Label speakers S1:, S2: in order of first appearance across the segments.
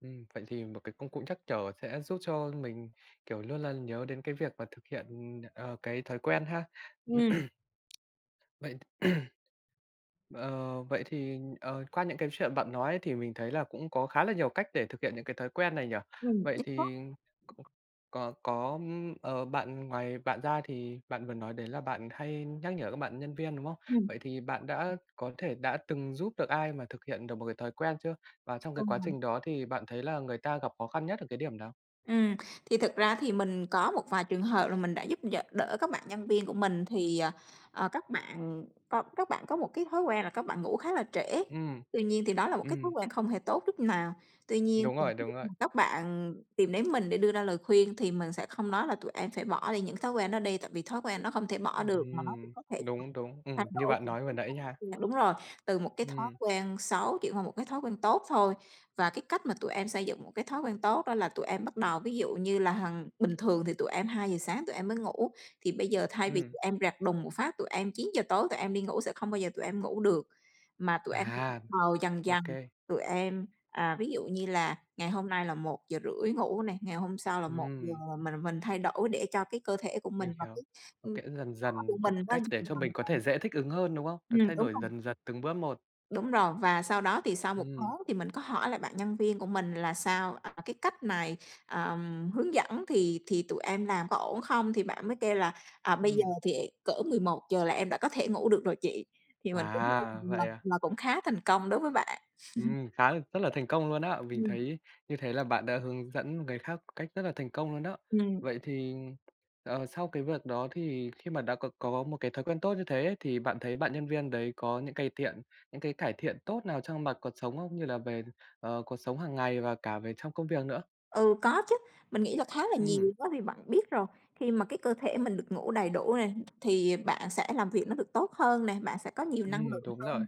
S1: Ừm, vậy thì một cái công cụ nhắc nhở sẽ giúp cho mình, kiểu như là, nhớ đến cái việc mà thực hiện, ờ, cái thói quen ha.
S2: Ừm.
S1: Vậy Ờ, vậy thì, ờ, qua những cái chuyện bạn nói thì mình thấy là cũng có khá là nhiều cách để thực hiện những cái thói quen này nhỉ.
S2: Ừm,
S1: Vậy
S2: đúng
S1: thì c
S2: đó.
S1: có có, ờ, bạn ngoài bạn ra thì bạn vừa nói đấy là bạn hay nhắc nhở các bạn nhân viên, đúng không?
S2: Ừm.
S1: Vậy thì bạn đã có thể đã từng giúp được ai mà thực hiện được một cái thói quen chưa? Và trong cái quá
S2: Ừm.
S1: trình đó thì bạn thấy là người ta gặp khó khăn nhất ở cái điểm nào?
S2: Ừm, thì thực ra thì mình có một vài trường hợp là mình đã giúp đ đỡ các bạn nhân viên của mình thì, ờ, các bạn co các bạn có một cái thói quen là các bạn ngủ khá là trễ.
S1: Ừm,
S2: Tuy nhiên, thì đó là một cái thói
S1: ừm.
S2: quen không hề tốt chút nào. Tuy nhiên,
S1: Đúng rồi, đúng rồi.
S2: [unintelligible] các bạn tìm đến mình để đưa ra lời khuyên thì mình sẽ không nói là "Tụi em sẽ bỏ đi những thói quen đó đi, tại vì thói quen nó không thể bỏ được mà nó cũng
S1: Ừm,
S2: có thể
S1: đúng, đúng.
S2: thay
S1: Ừm, như
S2: đổi"
S1: bạn nói vừa nãy nha.
S2: [unintelligible] đúng rồi, từ một cái thói
S1: Ừm.
S2: quen xấu chuyển qua một cái thói quen tốt thôi. Và cái cách mà tụi em xây dựng một cái thói quen tốt đó là tụi em bắt đầu ví dụ như là hằng bình thường thì tụi em 2:00 sáng tụi em mới ngủ, thì bây giờ thay vì
S1: Ừm.
S2: tụi em rẹt đùng một phát, tụi em 9:00 tối tụi em đi ngủ sẽ không bao giờ tụi em ngủ được, mà tụi em
S1: À,
S2: bắt đầu dần
S1: ô
S2: dần.
S1: kê.
S2: Tụi em à, ví dụ như là ngày hôm nay là 1:30 ngủ nè, ngày hôm sau là 1:00,
S1: Ừm.
S2: mình mình thay đổi để cho cái cơ thể của mình
S1: Mình
S2: và
S1: hiểu.
S2: cái,
S1: Nó
S2: ừm,
S1: kể dần
S2: [unintelligible] của
S1: dần một
S2: mình nó hình
S1: cách để cho
S2: thành
S1: mình có thể dễ thích ứng hơn, đúng không? Được
S2: dần." Ừm,
S1: thay
S2: đúng
S1: đổi
S2: rồi.
S1: dần dần từng bước một.
S2: Đúng rồi, và sau đó, thì sau 1
S1: Ừm.
S2: tháng thì mình có hỏi lại bạn nhân viên của mình là "Sao, à, cái cách này, ờ, hướng dẫn thì thì tụi em làm có ổn không?". Thì bạn mới kêu là "À, bây giờ
S1: Ừm.
S2: thì cỡ 11:00 là em đã có thể ngủ được rồi chị." Thì mình
S1: À,
S2: [unintelligible] mà
S1: vậy à.
S2: mà cũng khá thành công đối với bạn.
S1: Ừm, khá là rất là thành công luôn á. Mình
S2: Ừm.
S1: thấy như thế là bạn đã hướng dẫn người khác một cách rất là thành công luôn đó.
S2: Ừm.
S1: Vậy thì, ờ, sau cái việc đó, thì khi mà đã có có một cái thói quen tốt như hế ấy, thì bạn thấy bạn nhân viên đấy có những cây tiện những cái cải thiện tốt nào trong mặt cuộc sống không, như là về, ờ, cuộc sống hàng ngày và cả về trong công việc nữa?
S2: Ừ, có chứ. Mình nghĩ là khá là
S1: Ừm.
S2: nhiều, đó thì bạn biết rồi, khi mà cái cơ thể mình được ngủ đầy đủ này, thì bạn sẽ làm việc nó được tốt hơn nè, bạn sẽ có nhiều năng
S1: Ừm,
S2: lượng
S1: đúng rồi.
S2: hơn,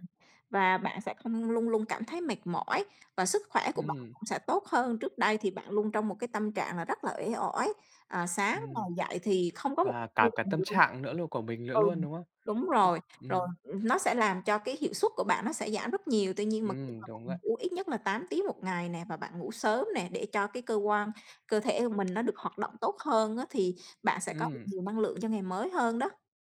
S2: và bạn sẽ không luôn luôn cảm thấy mệt mỏi và sức khỏe của bạn
S1: Ừm.
S2: cũng sẽ tốt hơn. Trước đây, thì bạn luôn trong một cái tâm trạng là rất là uể oải, à, sáng ngồi
S1: Ừm.
S2: dậy thì không có một
S1: Và cả cả tâm trạng nữa luôn của
S2: [unintelligible]
S1: mình lữa
S2: ừ,
S1: luôn, đúng không?
S2: đúng rồi, rồi
S1: Ừm.
S2: nó sẽ làm cho cái hiệu suất của bạn nó sẽ giảm rất nhiều. Tuy nhiên, mà khi
S1: Ừm,
S2: mà
S1: đúng
S2: bạn
S1: vậy.
S2: ngủ ít nhất là 8 tiếng 1 ngày nè và bạn ngủ sớm nè để cho cái cơ quan cơ thể của mình nó được hoạt động tốt hơn á, thì bạn sẽ có được
S1: Ừm.
S2: nhiều năng lượng cho ngày mới hơn đó.